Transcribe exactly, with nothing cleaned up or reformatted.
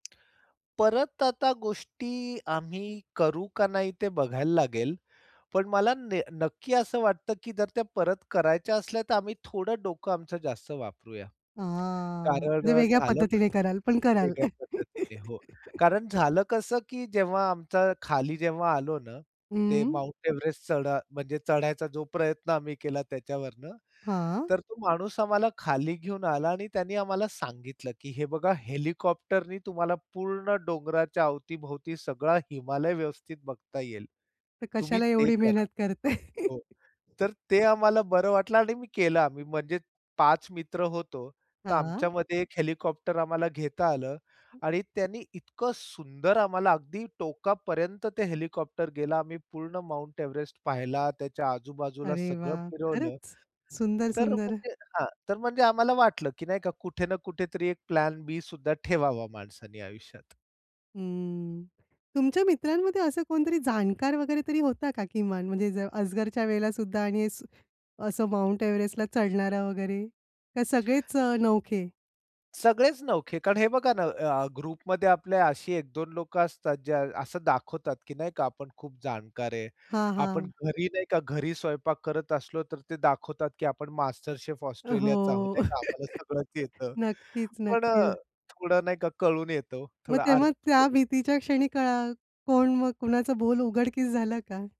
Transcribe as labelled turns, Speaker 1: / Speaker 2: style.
Speaker 1: परत आता गोष्टी आम्ही करू का नाही ते बघायला लागेल. पण मला ने नक्की असं वाटतं, की जर त्या परत करायच्या असल्या तर आम्ही थोडं डोकं आमचं जास्त वापरूया,
Speaker 2: हां,
Speaker 1: कारण
Speaker 2: म्हणजे
Speaker 1: अ,
Speaker 2: वेगळ्या
Speaker 1: झालं
Speaker 2: पद्धतीने कराल, पण कराल.
Speaker 1: वेगळ्या पद्धतीने. हो कारण झालं कसं की जेव्हा आमचा खाली जेव्हा आलो ना, ते
Speaker 2: हं.
Speaker 1: माउंट एव्हरेस्ट चढा म्हणजे चढायचा जो प्रयत्न आम्ही केला त्याच्यावरनं,
Speaker 2: हां.
Speaker 1: तर तो माणूस आम्हाला खाली घेऊन आला आणि त्यांनी आम्हाला सांगितलं, की "हे बघा हेलिकॉप्टरनी तुम्हाला पूर्ण डोंगराच्या अवतीभोवती सगळा हिमालय व्यवस्थित बघता येईल.
Speaker 2: तर
Speaker 1: तुम्ही
Speaker 2: कशाला
Speaker 1: ते
Speaker 2: एवढी
Speaker 1: करा."
Speaker 2: मेहनत करते?
Speaker 1: हो, तर ते आम्हाला बरं वाटलं आणि मी केला आम्ही म्हणजे पाच मित्र होतो. तर
Speaker 2: हां.
Speaker 1: आमच्यामध्ये एक हेलिकॉप्टर आम्हाला घेता आलं आणि त्यांनी इतकं सुंदर आम्हाला अगदी टोकापर्यंत ते हेलिकॉप्टर गेला. आम्ही पूर्ण माउंट एव्हरेस्ट पाहिला. त्याच्या आजूबाजूला
Speaker 2: अरे
Speaker 1: सगळं
Speaker 2: वाह!
Speaker 1: फिरवलं.
Speaker 2: खरंच सुंदर,
Speaker 1: तर
Speaker 2: सुंदर.
Speaker 1: म्हणजे हां, तर म्हणजे आम्हाला वाटलं की नाही का कुठे ना कुठेतरी एक प्लॅन बीसुद्धा ठेवावा माणसाने आयुष्यात.
Speaker 2: हं, तुमच्या मित्रांमध्ये असं कोणतरी जाणकार वगैरे तरी होता का किमान, म्हणजे ज अजगरच्या वेळेलासुद्धा आणि असं असं माउंट एव्हरेस्टला चढणारा वगैरे का सगळेच अ, नवखे?
Speaker 1: सगळेच नवखे. कारण हे बघा ना, अ, ग्रुपमध्ये आपल्या अशी एक-दोन लोकं असतात, जे असं दाखवतात, की नाही का आपण खूप जाणकार आहे.
Speaker 2: हां,
Speaker 1: आपण
Speaker 2: हां.
Speaker 1: घरी नाही का, घरी स्वयंपाक करत असलो, तर ते दाखवतात की आपण मास्टर शेफ ऑस्ट्रेलियाचा आहोत
Speaker 2: हो.
Speaker 1: नाही का, आम्हाला सगळंच येतं.
Speaker 2: नक्कीच,
Speaker 1: पण अ,
Speaker 2: नक्कीच.
Speaker 1: थोडं नाही का कळून येतो
Speaker 2: मग
Speaker 1: थोडं
Speaker 2: तेव्हा
Speaker 1: अर्थ
Speaker 2: त्या भीतीच्या क्षणी कळा कोण मग कुणाचा बोल उघडकीस झाला का?